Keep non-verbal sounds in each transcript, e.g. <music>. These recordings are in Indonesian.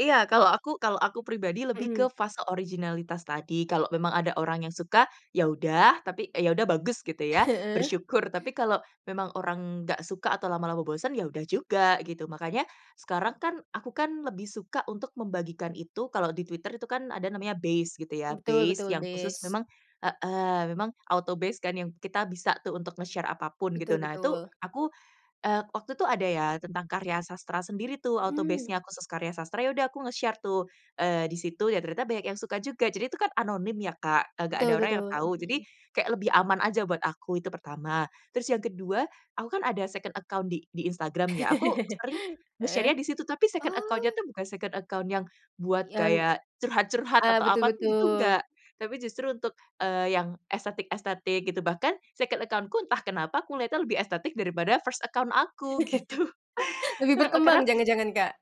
Iya, kalau aku kalau aku pribadi lebih Mhm. ke fase originalitas tadi, kalau memang ada orang yang suka, ya udah, tapi ya udah bagus gitu ya, Heeh. bersyukur. Tapi kalau memang orang nggak suka atau lama-lama bosen, ya udah juga, gitu. Makanya, sekarang kan, aku kan lebih suka untuk membagikan itu, kalau di Twitter itu kan ada namanya base gitu ya Betul base betul yang khusus base. memang heeh, memang autobase kan yang kita bisa tuh untuk nge-share apa pun, gitu. Betul Nah itu, betul. aku, eee, waktu itu ada ya, tentang karya sastra sendiri tuh, Mhm. autobase-nya, khusus karya sastra. Yaudah aku nge-share tuh. Eee, di situ ya ternyata banyak yang suka juga, jadi itu kan anonim ya Kak, e nggak ada Betul orang yang betul. tahu. Jadi, Mhm. kayak lebih aman aja buat aku, itu pertama. Terus yang kedua, aku kan ada second account di di Instagram ya. Aku sering <laughs> Heeh, nge-share-nya di situ. Tapi second account-nya oh. tuh bukan second account yang buat Yang gaya curhat-curhat ah, atau betul apa, itu gitu betul. nggak. Tapi justru untuk, eee, yang, estetik-estetik gitu. Bahkan second account-ku entah kenapa aku ngelihatnya lebih estetik daripada first account aku, gitu. <laughs> Lebih Heeh, berkembang karena jangan-jangan Kak?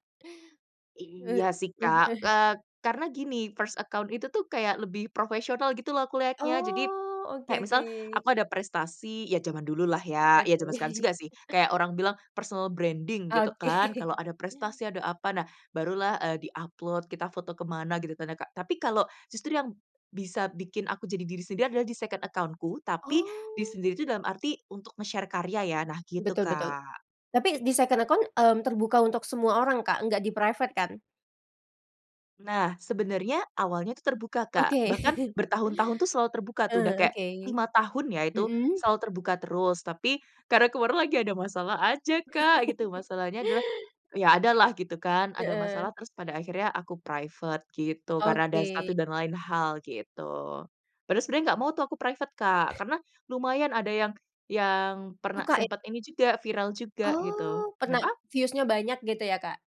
he Iya sih eh Kak, eh. eee, karena gini, first account itu tuh, kayak lebih profesional gitu lah aku liatnya. Jadi, Oh, oke kayak misal oke. aku ada prestasi ya zaman dulu lah ya. Ya zaman sekarang Oke. juga sih, kayak orang bilang personal branding gitu Oke. kan, kalau ada prestasi, ada apa, nah, barulah, eee, di-upload, kita foto ke mana, gitu kan ya ,Kak. Tapi kalau justru yang bisa bikin aku jadi diri sendiri adalah di second account-ku, tapi, diri Oh. sendiri itu dalam arti untuk nge-share karya ya, nah gitu, Betul betul. Kak. Tapi di second account, mmm, terbuka untuk semua orang Kak, nggak di-private kan? Nah, sebenarnya, awalnya itu terbuka, Kak. Oke. Bahkan bertahun-tahun tuh selalu terbuka tuh. Udah Eee, kayak oke. 5 tahun ya itu, Mhm. selalu terbuka terus. Tapi, karena kemarin lagi ada masalah aja Kak gitu. Masalahnya adalah, ya ada lah, gitu kan, ada Heeh. masalah, terus pada akhirnya aku private, gitu. Karena ada Oke. satu dan lain hal, gitu. Padahal sebenarnya nggak mau tuh aku private Kak, karena lumayan ada yang yang pernah Suka, e sempet ini juga, viral juga gitu. Oh, pernah Kenapa? views-nya banyak gitu ya, Kak?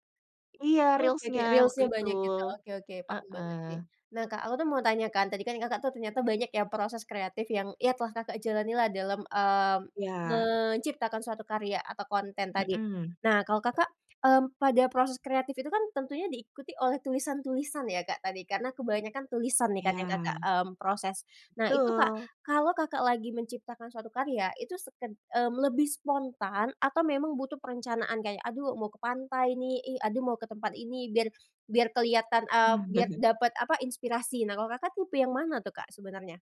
Iya Oke oke Reels-nya, waktu Reels-nya itu. banyak gitu. Oke oke, paham banget. Heeh. Nah Kak, aku mau tanya kan, tadi kan Kakak ternyata banyak yang proses kreatif yang ya telah Kakak jalani lah dalam, eee, Iya. menciptakan suatu karya, atau konten tadi. Mhm. Nah kalau Kakak, mmm, pada proses kreatif itu kan, tentunya diikuti oleh tulisan-tulisan ya Kak tadi karena kebanyakan tulisan nih kan yang Kakak, Iya. mmm, proses. Nah itu Kak, Betul. kalau Kakak lagi menciptakan suatu karya itu seked mmm, lebih spontan, atau memang butuh perencanaan kayak, "Aduh mau ke pantai ini, ih aduh mau ke tempat ini," biar biar kelihatan, eee, biar <chuckles> dapat e apa, inspirasi, kalau Kakak tipe yang mana tuh Kak sebenarnya?